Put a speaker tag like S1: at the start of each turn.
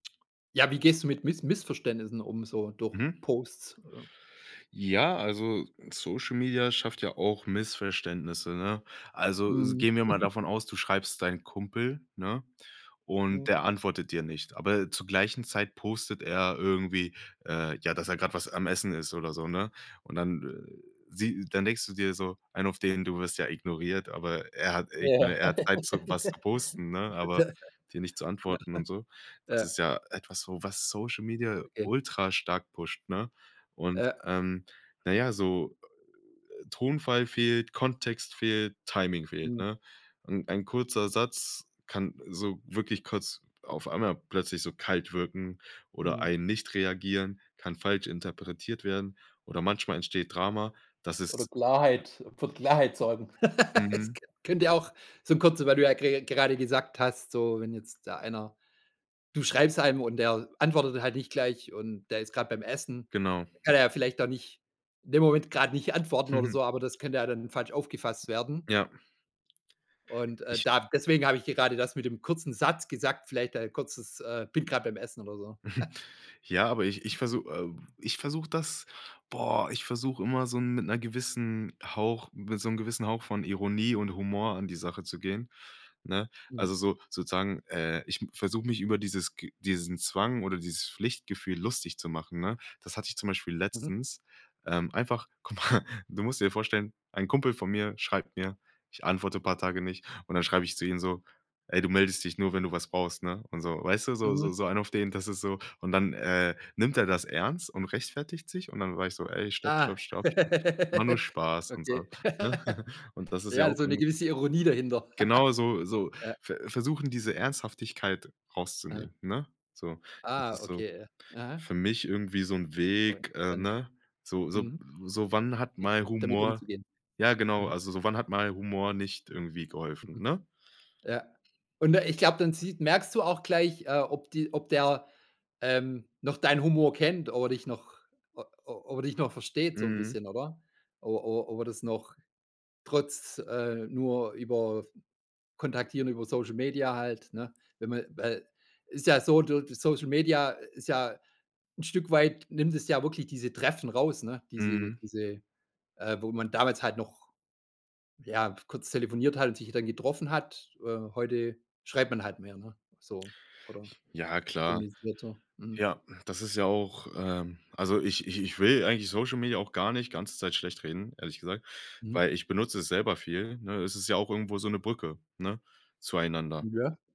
S1: Ja, wie gehst du mit Miss Missverständnissen um so durch
S2: Mhm.
S1: Posts, äh?
S2: Ja, also, Social Media schafft ja auch Missverständnisse, ne? Also s
S1: Mhm.
S2: gehen wir mal davon aus, du schreibst deinem Kumpel, ne? Und
S1: Hm.
S2: der antwortet dir nicht. Aber zur gleichen Zeit postet er irgendwie, äh, ja, dass er grad was am Essen ist oder so, ne? Und dann, äh, sie dann denkst du dir so, einen auf den, du wirst ja ignoriert, aber er hat ir
S1: Ja.
S2: er hat Zeit, zum was posten, ne? Aber
S1: Ja.
S2: dir nicht zu
S1: Genau.
S2: antworten und so. Das
S1: Ja.
S2: ist ja etwas so, was Social Media
S1: Okay.
S2: ultrastark pusht, ne? Und,
S1: Ja.
S2: ähm, na ja, so, äh, Tonfall fehlt, Kontext fehlt, Timing fehlt,
S1: Mhm.
S2: ne? Und ein kurzer Satz kann so wirklich kurz auf einmal plötzlich so kalt wirken oder
S1: Mhm.
S2: ein nicht reagieren, kann falsch interpretiert werden oder manchmal entsteht Drama. Das
S1: Oder
S2: ist
S1: Klarheit für Klarheit sorgen. Es
S2: Mhm.
S1: könn könnte auch so kurz weil du ja ge gerade gesagt hast, so: „Wenn jetzt da einer” du schreibst einem und der antwortet halt nicht gleich und der ist grad beim Essen,
S2: Genau.
S1: da kann er ja vielleicht auch nicht in dem Moment grad nicht antworten oder so, aber das könnte ja dann falsch aufgefasst werden
S2: Ja.
S1: und, äh,
S2: Ich
S1: da deswegen hab ich dir gerade das mit dem kurzen Satz gesagt, vielleicht ein kurzes: „Äh, bin grad beim Essen”, oder so.
S2: Ja, aber ich ich versu ähm, ich versuch das boah, ich versuch immer so 'n mit 'ner gewissen Hauch mit so 'nem gewissen Hauch von Ironie und Humor an die Sache zu gehen, ne?
S1: Mhm.
S2: Also, so, sozusagen äh, ich versuch mich über dieses g diesen Zwang oder dieses Pflichtgefühl lustig zu machen, ne? Das hatte ich zum Beispiel
S1: Mhm.
S2: letztens, ähm, einfach guck mal du musst dir vorstellen, ein Kumpel von mir schreibt mir, ich antworte paar Tage nicht. Und dann schreib ich zu ihm so: „Ey, du meldest dich nur, wenn du was brauchst, ne”? Und so. Weißt du, so
S1: Mhm.
S2: so so einen auf den, das ist so und dann, äh, nimmt er das ernst und rechtfertigt sich. Und dann sag ich so: „Ey, stopp,
S1: Ah.
S2: stopp, stopp, stopp. War nur Spaß”, und
S1: Okay.
S2: so, ne? Und das ist ja
S1: Ja,
S2: auch
S1: so 'ne
S2: irgend
S1: gewisse Ironie dahinter.
S2: Genau so so
S1: Ja.
S2: ver versuchen, diese Ernsthaftigkeit
S1: Ah.
S2: rauszunehmen, ne? So, das
S1: Ah,
S2: ist so
S1: okay. Aha.
S2: für mich irgendwie so 'n
S1: Auch
S2: Weg, äh,
S1: interessant.
S2: ne? So so
S1: Mhm.
S2: so wann hat
S1: J
S2: mal
S1: damit
S2: Humor
S1: umzugehen?
S2: ja, genau.
S1: Mhm.
S2: Also, so wann hat mal Humor nicht irgendwie geholfen,
S1: Mhm.
S2: ne?
S1: Ja. Und, äh, ich glaub, dann sieht merkst du auch gleich, äh, ob die ob der, ähm, noch deinen Humor kennt, ob er dich noch o ob er dich noch versteht so 'n
S2: Mhm.
S1: bisschen, oder? O o ob er das noch trotz, äh, nur über kontaktieren über Social Media halt, ne? Wenn man weil ist ja so so Social Media ist ja 'n Stück weit nimmt es ja wirklich diese Treffen raus, ne? Diese
S2: Mhm.
S1: diese, äh wo man damals halt noch, ja, kurz telefoniert halt und sich dann getroffen hat. Äh, heute schreibt man halt mehr, ne? So, oder
S2: Ja, klar.
S1: kommuniziert so. Mhm.
S2: Ja, das ist ja auch, äh also ich ich ich will eigentlich Social Media auch gar nicht ganze Zeit schlecht reden, ehrlich gesagt,
S1: Mhm.
S2: weil ich benutze es selber viel, ne? Es ist ja auch irgendwo so 'ne Brücke, ne? Zueinander.
S1: Ja.